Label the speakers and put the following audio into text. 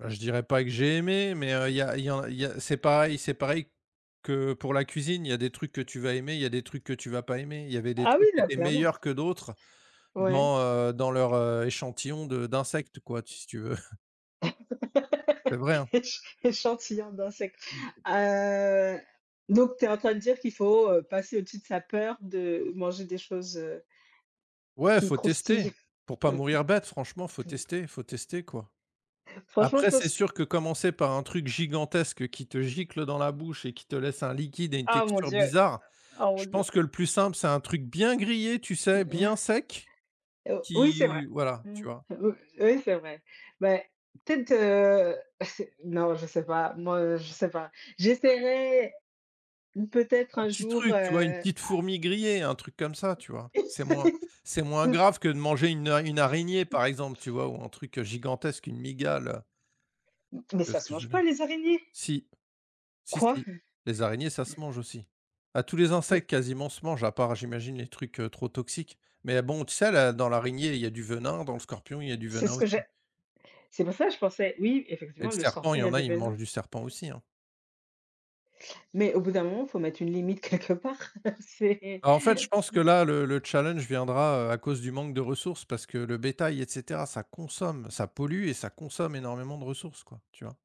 Speaker 1: Heu, je dirais pas que j'ai aimé, mais, heu, il y a il y a il y a c'est pareil c'est pareil que pour la cuisine. Il y a des trucs que tu vas aimer, il y a des trucs que tu vas pas aimer. Il y avait des
Speaker 2: Ah oui,
Speaker 1: trucs qui
Speaker 2: là
Speaker 1: étaient
Speaker 2: clairement.
Speaker 1: meilleurs que d'autres
Speaker 2: Ouais.
Speaker 1: dans, heu, dans leur, heu, échantillons de d'insectes quoi, t si tu veux. C'est vrai, hein.
Speaker 2: Éch échantillon d'insecte.
Speaker 1: Mmh.
Speaker 2: Heu, donc, tu es en train de dire qu'il faut, heu, passer au-dessus de sa peur de manger des choses, heu,
Speaker 1: Ouais
Speaker 2: qui
Speaker 1: faut tester,
Speaker 2: croustillent.
Speaker 1: pour pas mourir bête, franchement faut tester, faut tester quoi.
Speaker 2: Franchement, je
Speaker 1: Après c'est
Speaker 2: pense qu
Speaker 1: sûr que commencer par un truc gigantesque qui te gicle dans la bouche et qui te laisse un liquide et une
Speaker 2: Ah mon
Speaker 1: texture
Speaker 2: Dieu!
Speaker 1: bizarre,
Speaker 2: Oh mon
Speaker 1: je
Speaker 2: Dieu.
Speaker 1: pense que le plus simple, c'est un truc bien grillé, tu sais bien sec
Speaker 2: Heu, oui,
Speaker 1: qui
Speaker 2: c'est vrai.
Speaker 1: voilà,
Speaker 2: Mmh.
Speaker 1: tu vois?
Speaker 2: Oui, oui c'est vrai. Mais, peut-être, heu, c'est non, je sais pas, moi je sais pas. J'essaierais, peut-être
Speaker 1: Un
Speaker 2: un
Speaker 1: petit
Speaker 2: jour,
Speaker 1: truc, tu vois, une
Speaker 2: heu
Speaker 1: petite fourmi grillée, un truc comme ça, tu vois? C'est moins c'est moins grave que de manger une a une araignée, par exemple, tu vois ou un truc gigantesque, une mygale.
Speaker 2: Mais
Speaker 1: Tu vois
Speaker 2: ça
Speaker 1: ce
Speaker 2: se
Speaker 1: que je
Speaker 2: mange
Speaker 1: veux dire?
Speaker 2: pas les araignées!
Speaker 1: Si, si,
Speaker 2: Quoi?
Speaker 1: si les araignées, ça se mange aussi. Ah tous les
Speaker 2: Mais
Speaker 1: insectes quasiment se mangent, à part j'imagine les trucs, heu, trop toxiques mais à bon tu sais à la dans l'araignée il y a du venin, dans le scorpion, il y a du
Speaker 2: C'est
Speaker 1: venin
Speaker 2: ce que j'a
Speaker 1: aussi.
Speaker 2: c'est pour ça que je pensais oui
Speaker 1: Et le
Speaker 2: effectivement, le
Speaker 1: serpent il
Speaker 2: scorpion
Speaker 1: y
Speaker 2: il y a
Speaker 1: en a,
Speaker 2: du
Speaker 1: ils mangent
Speaker 2: venin.
Speaker 1: du serpent aussi, hein.
Speaker 2: Mais au bout d'un moment, il faut mettre une limite quelque part, c'est
Speaker 1: Bah en fait, je pense
Speaker 2: c'est
Speaker 1: que là, le le challenge viendra, heu, à cause du manque de ressources parce que le bétail et cetera, ça consomme. Ça pollue et ça consomme énormément de ressources quoi, tu vois?